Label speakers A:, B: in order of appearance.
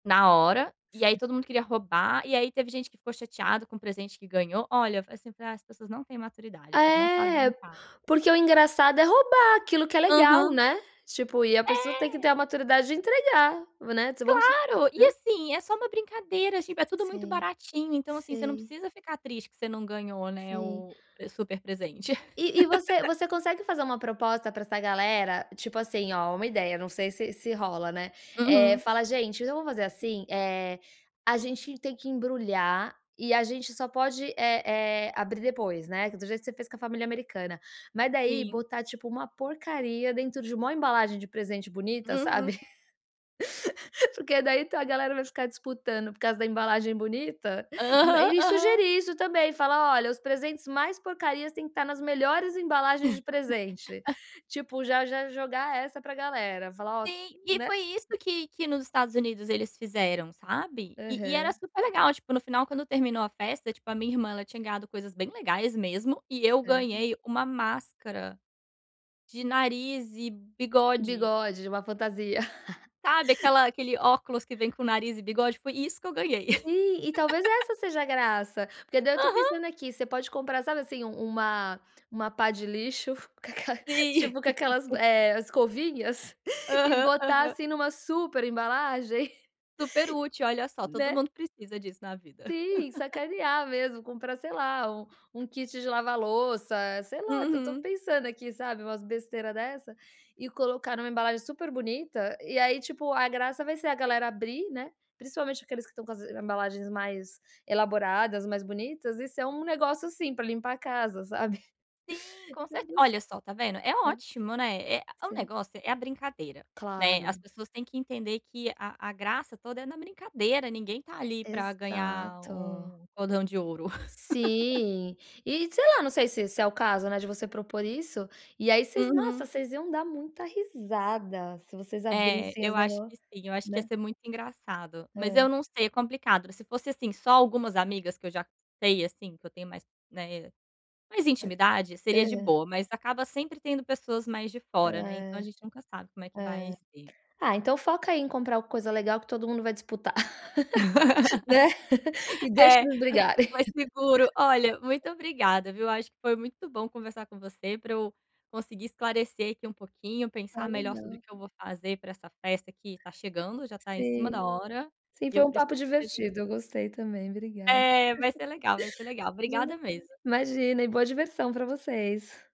A: Na hora,
B: S
A: e aí, todo mundo queria roubar, e aí, teve gente que ficou chateada com o presente que ganhou. Olha, falei, assim: "Ah, as pessoas não têm maturidade, o povo não sabe
B: É. P
A: brincar."
B: porque o engraçado é roubar, aquilo que é legal,
A: Aham.
B: né? Tipo, e a pessoa tem que ter a
A: É.
B: maturidade de entregar, né. Vamos su
A: Claro, e
B: né?
A: assim, é só uma brincadeira, tipo, é tudo muito
B: Sei,
A: baratinho. Então, assim você não
B: sei.
A: precisa ficar triste que você não ganhou, né,
B: Sei.
A: o o super presente.
B: E e você você consegue fazer uma proposta pra essa galera, tipo assim, ó, uma ideia, não sei se se rola, né. Eh,
A: Uhum.
B: fala: "Gente, então, vamos fazer, assim, eh, a gente tem que embrulhar, e a gente só pode, eh, eh, abrir depois", né, do jeito que você fez com a família americana. Mas, daí,
A: Sim.
B: botar, tipo, uma porcaria dentro de uma mo, embalagem de presente bonita,
A: Uhum.
B: sabe? Porque daí a galera vai ficar disputando por causa da embalagem bonita.
A: Aham,
B: E
A: aham.
B: sugerir, isso também, falar: "Olha, os presentes mais porcarias, têm que tá, nas melhores embalagens de presente". Tipo, já já jogar essa pra galera, falar: "Ó s"
A: Sime
B: né?
A: foi isso que que nos Estados Unidos eles fizeram, sabe. E e era
B: Aham.
A: super legal, tipo, no final quando terminou a festa, tipo, a minha irmã ela tinha ganhado coisas bem legais mesmo e eu
B: Serio?
A: ganhei uma máscara, de nariz e bigode.
B: Bigode, de uma fantasia.
A: Sabe aquela aquele óculos que vem com nariz e bigode? Foi isso que eu ganhei.
B: Sim e talvez essa seja a graça. Porque, daí, eu tô
A: Aham.
B: pensando, aqui. Você pode comprar, sabe, assim, um uma, uma pá de lixo, com aquela
A: Sim.
B: tipo com aquelas, eh, escovinhas, e
A: Aham,
B: botar,
A: aham.
B: assim, numa super embalagem.
A: Super útil, olha só, todo
B: Né?
A: mundo precisa disso na vida.
B: Sim, sacanear mesmo, comprar sei lá, um um kit de lavar louça, sei lá. Só tô
A: Uhum.
B: pensando aqui, sabe, umas besteira dessa, e colocar numa embalagem super bonita. E, aí tipo, a graça vai ser a galera abrir, né, principalmente aqueles que estão com as embalagens mais elaboradas, mais bonitas. E ser, um negócio, assim, pra limpar a casa, sabe?
A: Sim, com cer olha
B: [unintelligible]
A: só tá vendo? É
B: É.
A: ótimo, né, é o
B: Sim.
A: negócio é a brincadeira, né, as
B: Claro.
A: pessoas têm que entender que a a graça toda é na brincadeira, ninguém tá, ali, para gnhar
B: Exato.
A: um cordão de ouro.
B: Sim, e sei lá, não sei se se é o caso, né, de você propor, isso, e aí, vocês nossa
A: Uhum.
B: vocês iam dar muita risada se vocês
A: É,
B: abrissem os,
A: eu acho
B: negó
A: que sim. Eu acho que ia
B: né?
A: ser muito engraçado, mas
B: É.
A: eu não sei, é complicado. Se fosse, assim, só, algumas amigas que eu já sei, assim, que eu tenho mais né, mais intimidade. Seria de
B: Aham.
A: boa, mas acaba sempre tendo pessoas mais de
B: Ah,
A: fora, né. Então a
B: é,
A: gente nunca sabe como é que vai
B: é.
A: ser.
B: Ah, então, foca aí em comprar, coisa legal que todo mundo vai disputar. Né? E deixa
A: É,
B: eles
A: mai
B: brigarem.
A: mais seguro. Olha, muito obrigada viu, eu acho que foi muito bom conversar com você pra eu, conseguir esclarecer aqui um pouquinho,
B: Ah,
A: pensar melhor sobre
B: legal.
A: que eu vou fazer pra essa festa que tá chegando, já tá em cima
B: Sim,
A: da hora,
B: sim
A: e
B: foi
A: eu
B: um
A: preciso
B: papo divertido,
A: resolver.
B: eu gostei também, obrigada.
A: É vai ser legal, vai ser legal,
B: Vale
A: obrigada mesmo.
B: Imagina e boa diversão pra vocês.